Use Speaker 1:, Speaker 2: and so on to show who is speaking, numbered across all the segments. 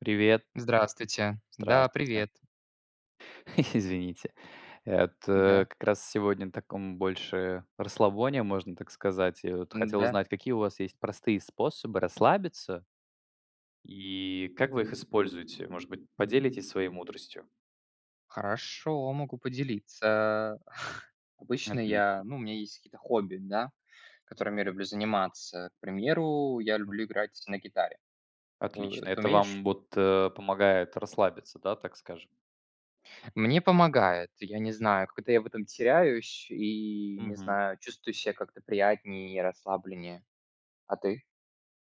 Speaker 1: Привет.
Speaker 2: Здравствуйте, да,
Speaker 1: Здравствуйте.
Speaker 2: привет.
Speaker 1: Извините. Вот, э,
Speaker 2: Да.
Speaker 1: как раз сегодня на таком больше расслабоне, можно так сказать. Я вот хотел
Speaker 2: Н-да.
Speaker 1: узнать, какие у вас есть простые способы расслабиться и как вы их используете? Может быть, поделитесь своей мудростью?
Speaker 2: Хорошо, могу поделиться, э. Обычно я
Speaker 1: Отлично.
Speaker 2: ну, у меня есть какие-то хобби, да, которыми я люблю заниматься. К примеру, я
Speaker 1: М.
Speaker 2: люблю играть на гитаре. Э,
Speaker 1: Отлично,
Speaker 2: ты
Speaker 1: это
Speaker 2: умеешь?
Speaker 1: вам вот, э, помогает расслабиться, да, так скажем?
Speaker 2: Мне помогает, я не знаю, когда я в этом теряюсь и, не
Speaker 1: Мгм.
Speaker 2: знаю, чувствую ся как-то приятнее и расслабленнее. А ты?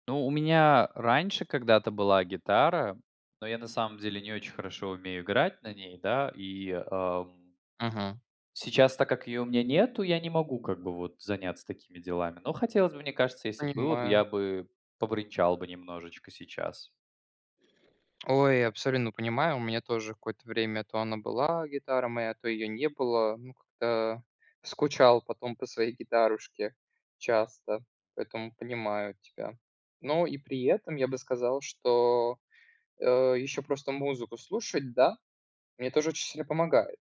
Speaker 1: Ну, у меня раньше когда-то была гитара, но я на самом деле не очень хорошо умею играть на ней, да, и, ам
Speaker 2: Мгм.
Speaker 1: сейчас, так как ее у меня нету, я не могу как бы вот заняться такими делами, но хотелось бы. Мне кажется, если бы было, я
Speaker 2: Понимаю.
Speaker 1: бы побренчал бы немножечко сейчас.
Speaker 2: Ой, абсолютно понимаю, у меня тоже какое-то время то она была, гитара моя, то ее не было. Ну, как-то. Скучал потом по своей гитарушке часто, поэтому понимаю тебя. Но и при этом я бы сказал, что, э, еще просто музыку слушать, да, мне тоже очень сильно помогает.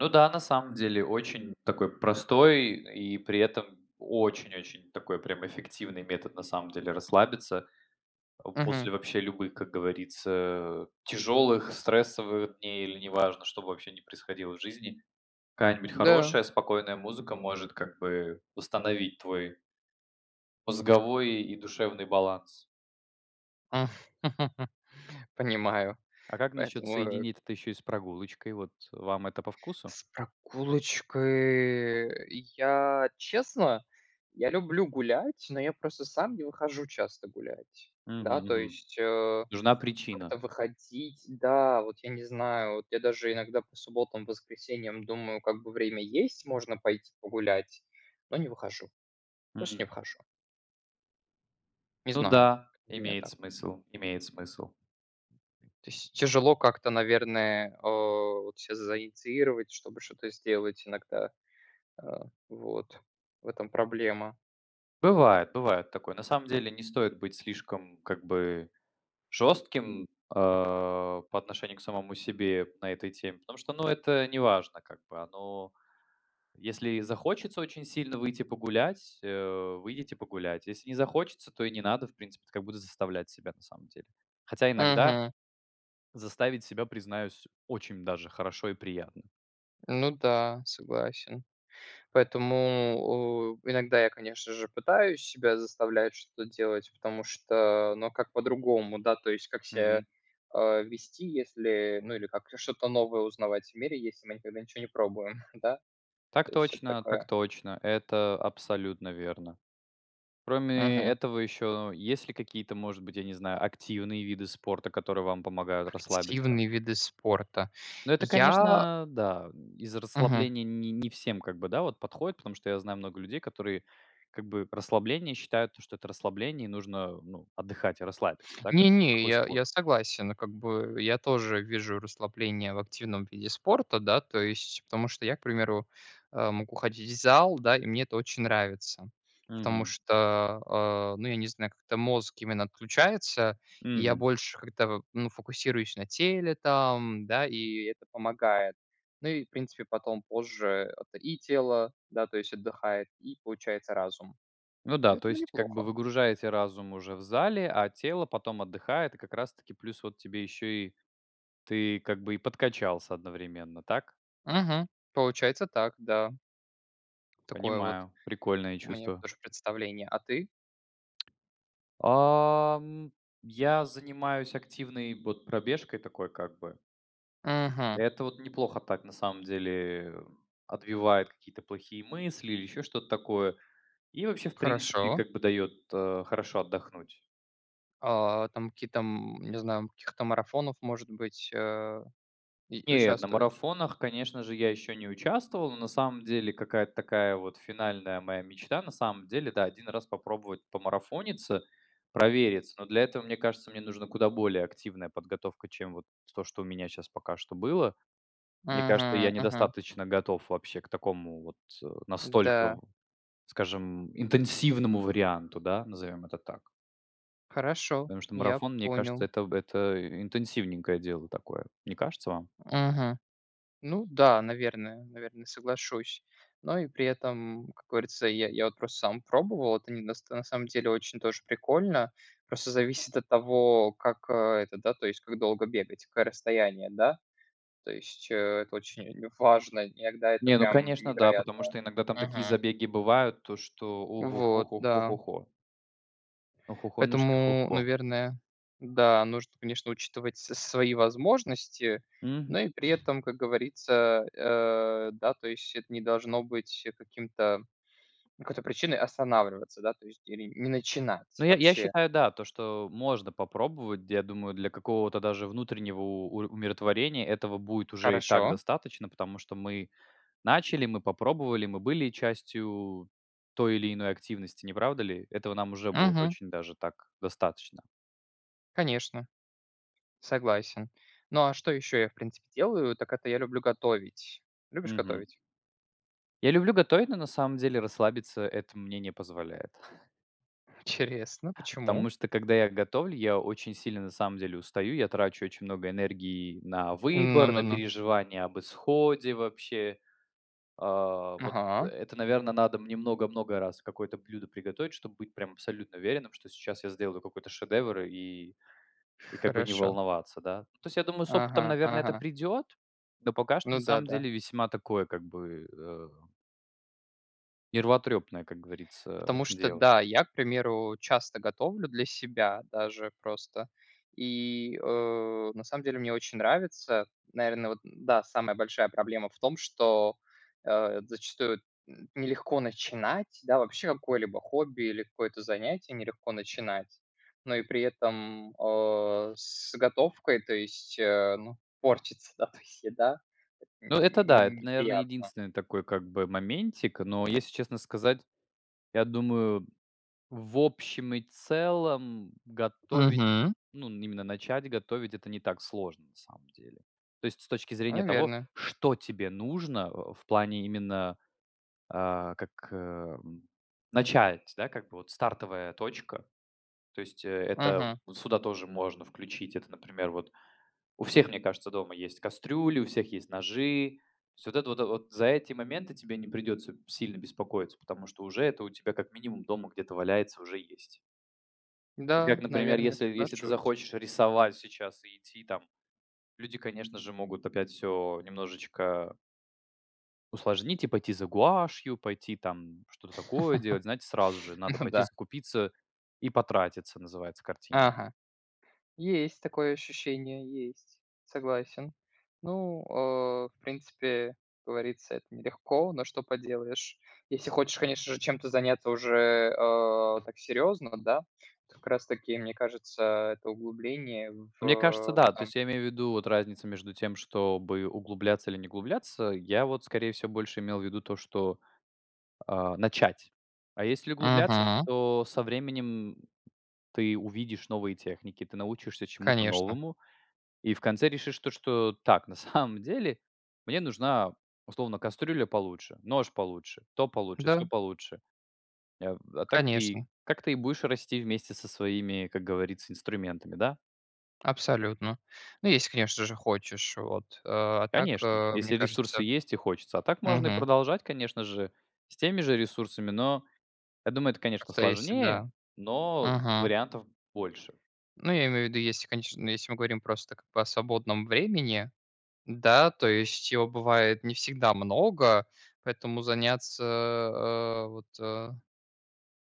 Speaker 1: Ну да, на самом деле очень такой простой и при этом очень-очень такой прям эффективный метод, на самом деле, расслабиться, э,
Speaker 2: Мгм.
Speaker 1: после вообще любых, как говорится, э, тяжелых стрессовых дней, или не важно, что бы вообще ни происходило в жизни. Какая-нибудь
Speaker 2: Да.
Speaker 1: хорошая спокойная музыка может как бы восстановить твой мозговой и душевный баланс.
Speaker 2: Понимаю,
Speaker 1: А как насчет
Speaker 2: поэтому, э
Speaker 1: соединить это еще и с прогулочкой? Вот вам это по вкусу?
Speaker 2: С прогулочкой- я, честно, я люблю гулять,- но я просто сам не выхожу часто гулять.
Speaker 1: Мгм
Speaker 2: Да, то
Speaker 1: мгм.
Speaker 2: есть, э,
Speaker 1: Нужна
Speaker 2: как-то
Speaker 1: причина.
Speaker 2: выходить, да, вот я не знаю, вот я даже иногда по субботам, воскресеньям думаю: "Как бы время есть, можно пойти погулять",- но не выхожу, просто
Speaker 1: М.
Speaker 2: не выхожу. Не
Speaker 1: Ну
Speaker 2: знаю,
Speaker 1: да,
Speaker 2: как бы у меня
Speaker 1: имеет
Speaker 2: так.
Speaker 1: смысл, имеет смысл.
Speaker 2: То есть тяжело как-то, наверное, о, вот щас заинициировать, чтобы что-то сделать. Иногда, э, вот в этом проблема.
Speaker 1: Бывает, бывает такое. На самом деле не стоит быть слишком, как бы, жестким, э, по отношению к самому себе на этой теме, потому что, ну, это не важно, как бы оно. Если и захочется очень сильно выйти погулять- э, выйдите погулять, если не захочется, то и не надо, в принципе, заставлять себя. Хотя иногда
Speaker 2: Мгм.
Speaker 1: заставить себя, признаюсь, очень даже хорошо и приятно
Speaker 2: Ну да, согласен. Поэтому, о, иногда я, конечно же, пытаюсь себя заставлять что-то делать, потому что, ну, а как по-другому? Да, то есть как ся,
Speaker 1: Мгм.
Speaker 2: а, вести, если, ну, или как что-то новое узнавать в мире, если мы никогда ничего не пробуем, да?
Speaker 1: Так
Speaker 2: То есть вот
Speaker 1: точно, так
Speaker 2: такое.
Speaker 1: точно, это абсолютно верно. Кроме
Speaker 2: Мгм.
Speaker 1: этого, еще есть ли какие-то, может быть, я не знаю, активные виды спорта, которые вам помогают расслабиться?
Speaker 2: Активные виды спорта.
Speaker 1: Но это,
Speaker 2: Я
Speaker 1: конечно, да, из
Speaker 2: Мгм.
Speaker 1: расслабления не не не всем, как бы, да, вот подходит, потому что я знаю много людей, которые, как бы расслабление считают, то, что это расслабление нужно, ну, отдыхать и расслабиться, да, как
Speaker 2: Не
Speaker 1: бы.
Speaker 2: не,
Speaker 1: Какой
Speaker 2: я
Speaker 1: спорт?
Speaker 2: я согласен как бы. Я тоже вижу расслабление в активном виде спорта, да, то есть, потому что я, к примеру, э, мог уходить в зал, да, и мне это очень нравится. Потому
Speaker 1: Мгм.
Speaker 2: что, а, ну, я не знаю, как-то мозг именно отключается, и я
Speaker 1: Мгм.
Speaker 2: больше как-то, ну, фокусируюсь на теле, там, да, и это помогает. Ну, и, в принципе, потом, позже, это и тело, да, то есть отдыхает, и, получается, разум.
Speaker 1: Ну да. То
Speaker 2: Поэтому
Speaker 1: есть как бы
Speaker 2: неплохо.
Speaker 1: выгружаете разум уже в зале, а тело потом отдыхает. И как раз таки плюс вот тебе еще, и ты как бы и подкачался одновременно, так?
Speaker 2: Мгм. Получается так, да. Такое вот.
Speaker 1: Понимаю, прикольное
Speaker 2: Мне
Speaker 1: чувство.
Speaker 2: тоже представление. А ты?
Speaker 1: Ам, я занимаюсь активной вот пробежкой такой, как бы.
Speaker 2: Мгм.
Speaker 1: Это вот неплохо так, на самом деле, отбивает какие-то плохие мысли или еще что-то такое, и вообще, в принципе,
Speaker 2: Хорошо.
Speaker 1: как бы дает, э, хорошо отдохнуть.
Speaker 2: А, там какие-то, м не знаю, в каких-то марафонах, может быть, э, и
Speaker 1: Нет, на
Speaker 2: участвовать?
Speaker 1: марафонах, конечно же, я еще не участвовал. Но, на самом деле, какая-то такая вот финальная моя мечта, на самом деле, да, 1 раз попробовать помарафониться, провериться, но для этого, мне кажется, мне нужна куда более активная подготовка, чем вот то, что у меня щас пока что было. Мне кажется,
Speaker 2: Мгм,
Speaker 1: я
Speaker 2: мгм.
Speaker 1: недостаточно готов вообще к такому вот, э, настолько,
Speaker 2: Да.
Speaker 1: скажем, интенсивному варианту, да, назовём это так.
Speaker 2: Хорошо.
Speaker 1: Потому что
Speaker 2: Я
Speaker 1: марафон, мне кажется,
Speaker 2: понял.
Speaker 1: это в это интенсивненькое дело такое. Не кажется вам?
Speaker 2: Мгм. Ну да, наверное наверное, соглашусь. Но и при этом, как говорится, я я вот просто сам пробовал, это не до на самом деле очень тоже прикольно, просто зависит от того, как, э, это да, то есть как долго бегать, какое расстояние, да, то есть, э, это очень важно, иногда это
Speaker 1: Не, ну
Speaker 2: прям
Speaker 1: конечно да,
Speaker 2: невероятно.
Speaker 1: потому что иногда там такие
Speaker 2: Мгм.
Speaker 1: забеги бывают, то что у-ху ху
Speaker 2: Вот.
Speaker 1: ху ху
Speaker 2: Да.
Speaker 1: ху ху. Охохонюшки,
Speaker 2: Поэтому,
Speaker 1: хо-хо.
Speaker 2: наверное, да, нужно, конечно, учитывать с свои возможности,
Speaker 1: Мгм.
Speaker 2: но и при этом, как говорится, э, да, то есть это не должно быть каким-то, какой-то причиной останавливаться, да, то есть или н не
Speaker 1: Ну,
Speaker 2: начинать
Speaker 1: я я
Speaker 2: вообще.
Speaker 1: считаю, да, то, что можно попробовать, я думаю, для какого-то даже внутреннего у умиротворения этого будет уже и так
Speaker 2: Хорошо.
Speaker 1: достаточно, потому что мы начали, мы попробовали, мы были частью той или иной активности, не правда ли? Этого нам уже будет
Speaker 2: Мгм.
Speaker 1: очень даже так достаточно.
Speaker 2: Конечно. Согласен. Ну, а что еще я, в принципе, делаю, так это я люблю готовить. Любишь
Speaker 1: Мгм.
Speaker 2: готовить?
Speaker 1: Я люблю готовить, но на самом деле расслабиться это мне не позволяет.
Speaker 2: Интересно. Почему?
Speaker 1: Потому что когда я готовлю, я очень сильно на самом деле устаю, я трачу очень много энергии на
Speaker 2: Ну
Speaker 1: выбор,
Speaker 2: ну
Speaker 1: на
Speaker 2: ну.
Speaker 1: переживания об исходе вообще. А, вот
Speaker 2: Ага.
Speaker 1: это, наверно, надо мне много-много раз какое-то блюдо приготовить, чтобы быть прям абсолютно уверенным, что сейчас я сделаю какой-то шедевр, и, и как бы не
Speaker 2: Хорошо.
Speaker 1: волноваться, да. То есть я думаю, с опытом,
Speaker 2: Ага.
Speaker 1: наверное, это
Speaker 2: Ага.
Speaker 1: придет. Но пока что,
Speaker 2: Ну
Speaker 1: на
Speaker 2: да,
Speaker 1: самом
Speaker 2: да.
Speaker 1: деле, весьма такое, как бы, э нервотрепное, как говорится,
Speaker 2: Потому что
Speaker 1: дело.
Speaker 2: да, я, к примеру, часто готовлю для себя даже просто. И, э, на самом деле мне очень нравится. Наверное, вот да, самая большая проблема в том, что, э, зачастую н нелегко начинать, да вообще какое-либо хобби или какое-то занятие нелегко начинать, но и при этом, о, с готовкой, то есть, э, ну, портится, да, то есть еда- это н
Speaker 1: Ну, это
Speaker 2: н
Speaker 1: да,
Speaker 2: ну,
Speaker 1: это, наверное,
Speaker 2: неприятно.
Speaker 1: единственный такой, как бы, моментик, но, если честно сказать, я думаю, в общем и целом готовить,
Speaker 2: Мгм.
Speaker 1: ну, именно начать готовить- это не так сложно на самом деле. То есть с точки зрения того,
Speaker 2: Наверное.
Speaker 1: что тебе нужно в плане именно, э, как, э, начать, да, как бы вот стартовая точка. То есть, э, это
Speaker 2: Мгм.
Speaker 1: сюда тоже можно включить. Это, например, вот у всех, мне кажется, дома есть кастрюли, у всех есть ножи. То есть вот это вот, за эти моменты тебе не придется сильно беспокоиться, потому что уже это у тебя как минимум дома где-то валяется, уже есть. Как,
Speaker 2: Да,
Speaker 1: например,
Speaker 2: наверное,
Speaker 1: если если ты
Speaker 2: соглашусь.
Speaker 1: захочешь рисовать сейчас и идти там люди, конечно же, могут опять всё немножечко усложнить и пойти за гуашью, пойти там что-то такое делать, знаете, сразу же надо
Speaker 2: Ну
Speaker 1: пойти
Speaker 2: да.
Speaker 1: закупиться и потратиться, называется, картина.
Speaker 2: Ага. Есть такое ощущение, есть. Согласен. Ну, э, в принципе, э, как говорится, это нелегко, но что поделаешь. Если хочешь, конечно же, чем-то заняться уже, а, так серьезно, да. Как раз таки, мне кажется, а, это углубление
Speaker 1: Мне кажется,
Speaker 2: в
Speaker 1: да. То
Speaker 2: сам
Speaker 1: есть я имею в виду вот разницу между тем, чтобы углубляться или не углубляться. Я вот, скорее всего, больше имел в виду то, что, а, начать. А если углубляться,
Speaker 2: Мгм.
Speaker 1: то со временем ты увидишь новые техники, ты научишься чему-то
Speaker 2: Конечно.
Speaker 1: новому и в конце решишь то, что: "Так, на самом деле мне нужна, условно, кастрюля получше, нож получше, то получше, сё
Speaker 2: Да.
Speaker 1: получше". Эв а так и
Speaker 2: Конечно.
Speaker 1: как ты и будешь расти вместе со своими, как говорится, инструментами, да?
Speaker 2: Абсолютно. Ну, если, конечно же, хочешь. Вот. А так,
Speaker 1: Конечно,
Speaker 2: а, мне
Speaker 1: если ресурсы
Speaker 2: кажется
Speaker 1: есть и хочется, а так можно и
Speaker 2: Мгм.
Speaker 1: продолжать, конечно же, с теми же ресурсами, но я думаю, это, конечно,
Speaker 2: Каста есть
Speaker 1: сложнее,
Speaker 2: всегда.
Speaker 1: но
Speaker 2: Мгм.
Speaker 1: вариантов больше.
Speaker 2: Ну, я имею в виду, если конеч если мы говорим просто, как бы о свободном времени, да, то есть, его бывает не всегда много, поэтому заняться, э, вот, э,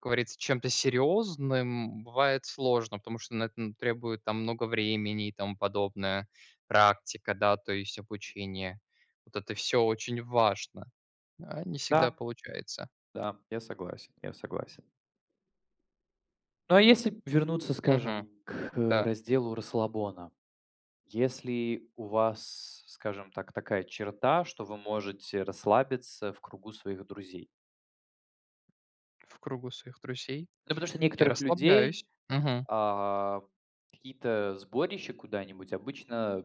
Speaker 2: как говорится, чем-то серьезным бывает сложно, потому что на это н требует там много времени и тому подобное. Практика, да, то есть обучение. Вот это всё очень важно, а не всегда
Speaker 1: Да.
Speaker 2: получается.
Speaker 1: Да, я согласен. Я согласен. Ну, а если вернуться,
Speaker 2: Мгм,
Speaker 1: скажем, к
Speaker 2: да.
Speaker 1: разделу расслабона, если у вас, скажем так, такая черта, что вы можете расслабиться в кругу своих друзей?
Speaker 2: В кругу своих друзей
Speaker 1: Да потому что у
Speaker 2: я
Speaker 1: некоторых людей,
Speaker 2: расслабляюсь. Мгм.
Speaker 1: а, какие-то сборища куда-нибудь обычно, а,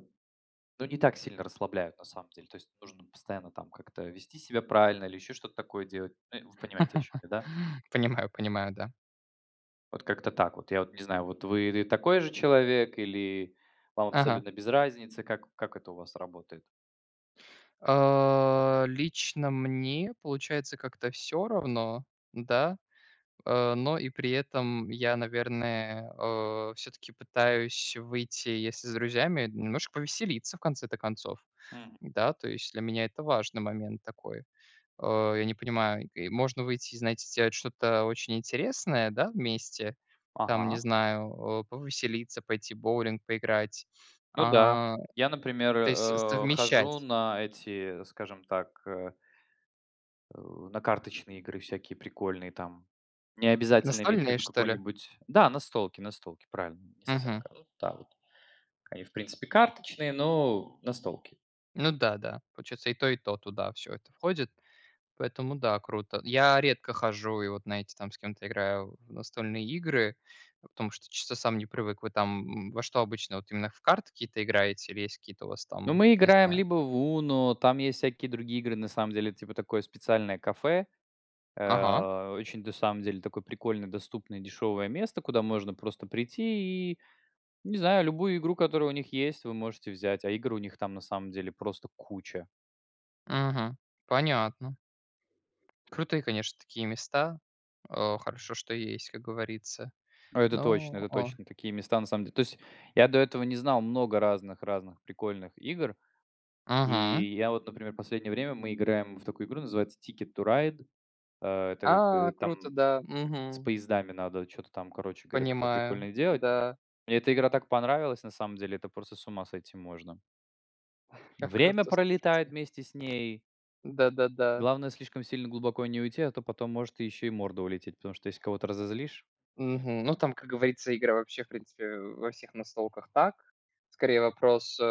Speaker 1: ну, не так сильно расслабляют на самом деле, то есть нужно постоянно там как-то вести себя правильно или еще что-то такое делать. Ну, вы понимаете, о чём я, да?
Speaker 2: Понимаю понимаю. Да.
Speaker 1: Вот как-то так вот. Я вот не знаю, вы, э, такой же человек или вам
Speaker 2: Ага.
Speaker 1: абсолютно без разницы, как как это у вас работает?
Speaker 2: А, лично мне, получается, как-то всё равно, да? А, но и при этом я, наверное, о, всё-таки пытаюсь выйти, если с друзьями, немножко повеселиться, в конце-то концов.
Speaker 1: М.
Speaker 2: Да, то есть для меня это важный момент такой. Э, я не понимаю, можно выйти и, знаете, сделать что-то очень интересное, да, вместе. Там, не
Speaker 1: Ага.
Speaker 2: знаю, а, повеселиться, пойти в боулинг поиграть.
Speaker 1: Ну да.
Speaker 2: А,
Speaker 1: Я, например,
Speaker 2: то есть
Speaker 1: э, э,
Speaker 2: совмещать.
Speaker 1: хожу на эти, скажем так, э э, на карточные игры всякие прикольные там. Не обязательно иметь в
Speaker 2: Настольные,
Speaker 1: виду
Speaker 2: что ли?
Speaker 1: какой-нибудь Да, настолки, настолки, правильно, не совсем.
Speaker 2: Мгм.
Speaker 1: [unintelligible] Да, вот. Они, в принципе, карточные, но настолки.
Speaker 2: Ну да, да, получается, и то, и то туда всё это входит, поэтому да, круто. Я редко хожу и, вот знаете, там с кем-то играю в настольные игры, потому что чё-то сам не привык. Вы там в во что обычно, вот именно в карты какие-то играете или есть у вас
Speaker 1: Ну,
Speaker 2: какие-то,
Speaker 1: мы
Speaker 2: не
Speaker 1: играем
Speaker 2: знаю.
Speaker 1: либо в UNO, там есть всякие другие игры. На самом деле это типа такое специальное кафе.
Speaker 2: Ага.
Speaker 1: Э, очень, на самом деле, такое прикольное, доступное, дешевое место, куда можно просто прийти, и, не знаю, любую игру, которая у них есть, вы можете взять, а игр у них там на самом деле просто куча.
Speaker 2: Мгм. Понятно. Крутые, конечно, такие места. Э, хорошо, что есть, как говорится,
Speaker 1: А, это точно,
Speaker 2: но
Speaker 1: это
Speaker 2: о
Speaker 1: точно такие места на самом дел то есть я до этого не знал много разных разных прикольных игр,
Speaker 2: Мгм.
Speaker 1: и я вот, например, в последнее время мы играем в такую игру, называется Ticket to Ride, э, так
Speaker 2: А,
Speaker 1: как
Speaker 2: круто,
Speaker 1: там
Speaker 2: да,
Speaker 1: с
Speaker 2: мгм.
Speaker 1: поездами надо чё-то там, короче говоря, такое
Speaker 2: Понимаю,
Speaker 1: прикольное делать.
Speaker 2: да.
Speaker 1: Мне эта игра так понравилась, на самом деле, это просто с ума сойти можно.
Speaker 2: Как
Speaker 1: Время
Speaker 2: круто,
Speaker 1: пролетает
Speaker 2: слушайте.
Speaker 1: вместе с ней.
Speaker 2: Да-да-да.
Speaker 1: Главное слишком сильно глубоко не уйти, а то потом может еще и морда улететь, потому что если кого-то разозлишь.
Speaker 2: Мгм, ну там, как говорится, игра вообще, в принципе, во всех настолках так. Скорее, вопрос, э,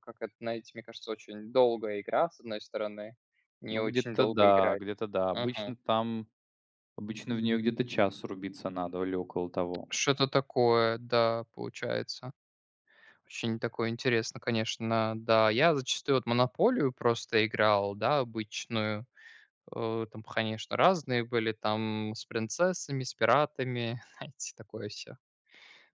Speaker 2: как на это знаете, мне кажется, очень долгая игра, с одной стороны, не
Speaker 1: Ну,
Speaker 2: очень
Speaker 1: где-то,
Speaker 2: долго
Speaker 1: да,
Speaker 2: играть.
Speaker 1: где-то, да. Обычно
Speaker 2: Мгм.
Speaker 1: там, обычно в нее где-то час рубиться надо или около того.
Speaker 2: Что-то такое, да, получается. Очень такое интересное, конечно. Да, я зачастую вот в "Монополию" просто играл, да, обычную. О, там, конечно, разные были, там, с принцессами, с пиратами, знаете, такое всё.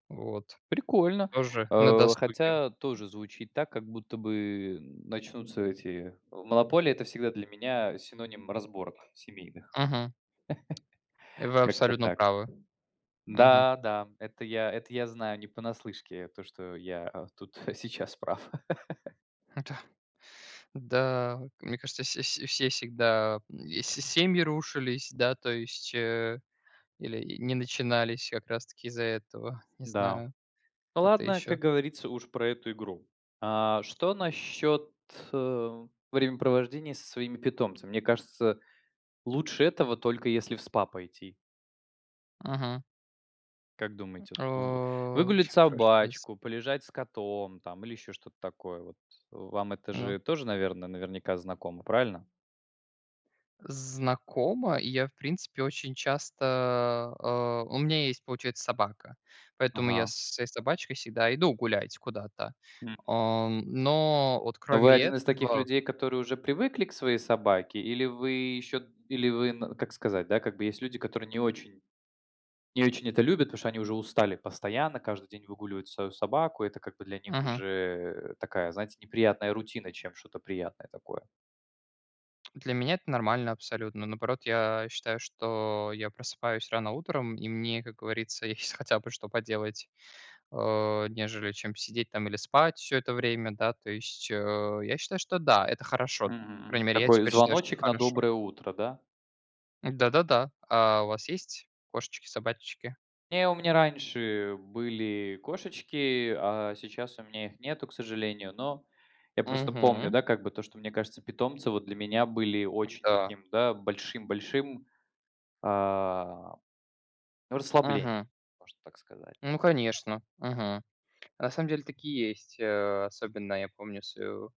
Speaker 2: Вот.
Speaker 1: Прикольно,
Speaker 2: Тоже на
Speaker 1: э,
Speaker 2: досуге.
Speaker 1: хотя тоже звучит так, как будто бы начнутся эти в "Монополии"- это всегда для меня синоним разборок семейных.
Speaker 2: Мгм. И вы
Speaker 1: Как-то
Speaker 2: абсолютно
Speaker 1: так.
Speaker 2: правы. Мгм.
Speaker 1: Да, да, это я это я знаю не понаслышке, э, то что я, а, тут сейчас прав.
Speaker 2: Да. Да. Мне кажется, вс вс все всегда, и с семьи рушились, да, то есть, э, или не начинались как раз таки из-за этого, не
Speaker 1: Да.
Speaker 2: знаю, это
Speaker 1: Ладно,
Speaker 2: еще.
Speaker 1: как говорится, уж про эту игру. А что насчет, э, времяпровождения со своими питомцами? Мне кажется, лучше этого только если в СПА пойти.
Speaker 2: Мгм.
Speaker 1: Как
Speaker 2: Э,
Speaker 1: думаете? Вот вы выгулять
Speaker 2: прям в прошлом месяце.
Speaker 1: собачку, полежать с котом там или еще что-то такое. Вот, вам это
Speaker 2: Ну.
Speaker 1: же тоже, наверно, наверняка знакомо, правильно?
Speaker 2: Знакомо. И я, в принципе, очень часто, а у меня есть, получается, собака. Поэтому я
Speaker 1: Ага.
Speaker 2: со с своей собачкой всегда иду гулять куда-то.
Speaker 1: М.
Speaker 2: А, но вот
Speaker 1: Вы
Speaker 2: кроме
Speaker 1: один из таких
Speaker 2: этого.
Speaker 1: людей, которые уже привыкли к своей собаке, или вы еще или вы на как сказать, да, как бы есть люди, которые не очень, не очень это любят, потому что они уже устали постоянно, каждый день выгуливать свою собаку, и это как бы для них
Speaker 2: Мгм.
Speaker 1: уже такая, знаете, неприятная рутина, чем что-то приятное такое.
Speaker 2: Для меня это нормально абсолютно. Наоборот, я считаю, что я просыпаюсь рано утром и мне, как говорится, есть хотя бы что поделать, а, нежели, чем сидеть там или спать всё это время, да. То есть, э, я считаю, что да, это хорошо. По
Speaker 1: Мгм, мгм.
Speaker 2: крайней мере, я
Speaker 1: Такой
Speaker 2: теперь считаю, что
Speaker 1: звоночек на
Speaker 2: хорошо.
Speaker 1: доброе утро, да?
Speaker 2: Да-да-да. А у вас есть кошечки, собачечки?
Speaker 1: Нет, у меня раньше были кошечки, а сейчас у меня их нету, к сожалению, но я просто помню,
Speaker 2: Мгм.
Speaker 1: да, как бы то, что, мне кажется, питомцы, вот для меня, были очень
Speaker 2: Да.
Speaker 1: таким, да, большим-большим, а, ну, расслаблением,
Speaker 2: Мгм.
Speaker 1: можно так сказать.
Speaker 2: Ну, конечно. Мгм. На самом деле, так и есть, э, особенно я помню свою,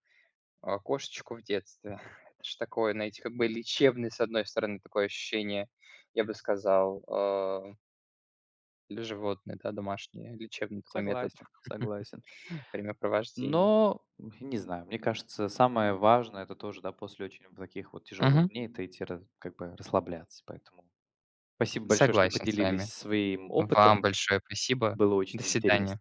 Speaker 2: а, кошечку в детстве. Это же такое, знаете, как бы лечебное с одной стороны, такое ощущение, я бы сказал, а или животные, да, домашние, лечебный такой метод
Speaker 1: Согласен, согласен.
Speaker 2: времяпровождения.
Speaker 1: Но, м, не знаю, мне кажется, самое важное- это тоже, да, после очень таких вот тяжелых
Speaker 2: Мгм.
Speaker 1: дней- это идти рас как бы расслабляться, поэтому. Спасибо большое, что
Speaker 2: Согласен с
Speaker 1: поделились
Speaker 2: вами,
Speaker 1: своим
Speaker 2: вам
Speaker 1: опытом.
Speaker 2: большое спасибо.
Speaker 1: Было
Speaker 2: До
Speaker 1: очень интересно.
Speaker 2: свидания.